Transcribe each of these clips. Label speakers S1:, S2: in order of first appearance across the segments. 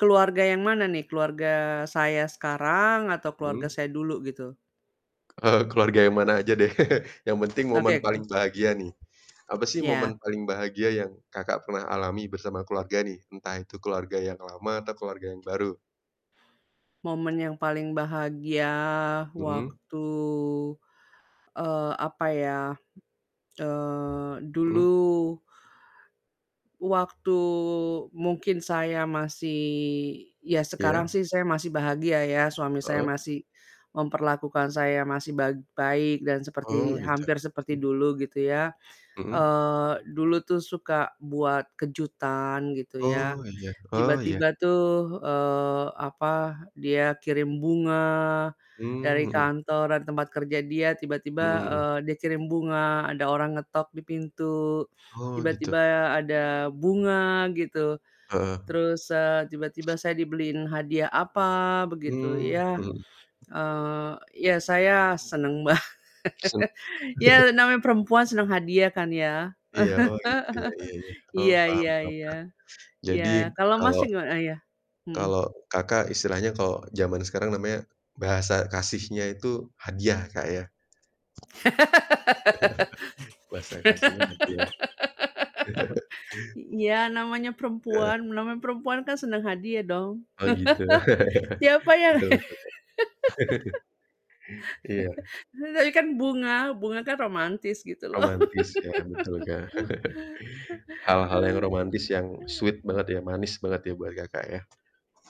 S1: Keluarga yang mana nih? Keluarga saya sekarang, atau
S2: Hmm.
S1: keluarga saya dulu gitu.
S2: Eee, keluarga yang mana aja deh yang penting momen
S1: Oke.
S2: paling
S1: Mmm.
S2: bahagia nih, apa sih
S1: Iya.
S2: momen paling bahagia yang Kakak pernah alami bersama keluarga nih, entah itu keluarga yang lama atau keluarga yang baru?
S1: Momen yang paling bahagia
S2: Mhm.
S1: waktu, eee, apa ya, eee,
S2: Mhm.
S1: dulu waktu, mungkin saya masih ya sekarang
S2: Iya.
S1: sih saya masih bahagia ya suami saya
S2: Heeh.
S1: masih memperlakukan saya masih bag baik dan
S2: Oh
S1: seperti
S2: gitu,
S1: hampir seperti
S2: mhm.
S1: dulu gitu ya,
S2: Mhm.
S1: eee, dulu tuh suka buat kejutan gitu ya,
S2: Oh, iya. Oh, iya.
S1: tiba-tiba tuh, eee, apa, dia kirim bunga,
S2: Mmm,
S1: dari
S2: mhm.
S1: kantor, dari tempat kerja dia tiba-tiba,
S2: Mhm mhm.
S1: eee, dia kirim bunga, ada orang ngetok di pintu,
S2: Oh, gitu.
S1: tiba-tiba ada bunga gitu,
S2: Heeh.
S1: terus, eee, tiba-tiba saya dibeliin hadiah apa begitu
S2: Mmm,
S1: ya,
S2: mhm.
S1: eee, ya saya seneng banget.
S2: [unintelligible]
S1: Ya namanya perempuan senang hadiah kan ya?
S2: Iya, oh, gitu ya? Iya iya, oh
S1: Iya
S2: paham
S1: iya
S2: paham,
S1: iya,
S2: Kak. Jadi
S1: iya kalau
S2: kalau
S1: Masnya gimana? Eh, iya. Mhm.
S2: kalau Kakak istilahnya kalau zaman sekarang namanya, bahasa kasihnya itu hadiah Kak ya? Bahasa kasihnya hadiah.
S1: Iya namanya perempuan
S2: Heeh.
S1: namanya perempuan kan senang hadiah dong
S2: Oh, gitu?
S1: siapa yang
S2: Betul betul. Iya.
S1: Tadi kan bunga, bunga kan romantis gitu loh.
S2: Romantis ya? Betul, Kak. Hal-hal yang romantis yang sweet banget ya, manis banget ya buat Kakak ya?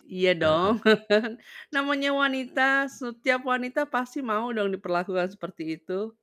S1: Iya
S2: Heeh.
S1: dong namanya wanita, setiap wanita pasti mau dong diperlakukan seperti itu.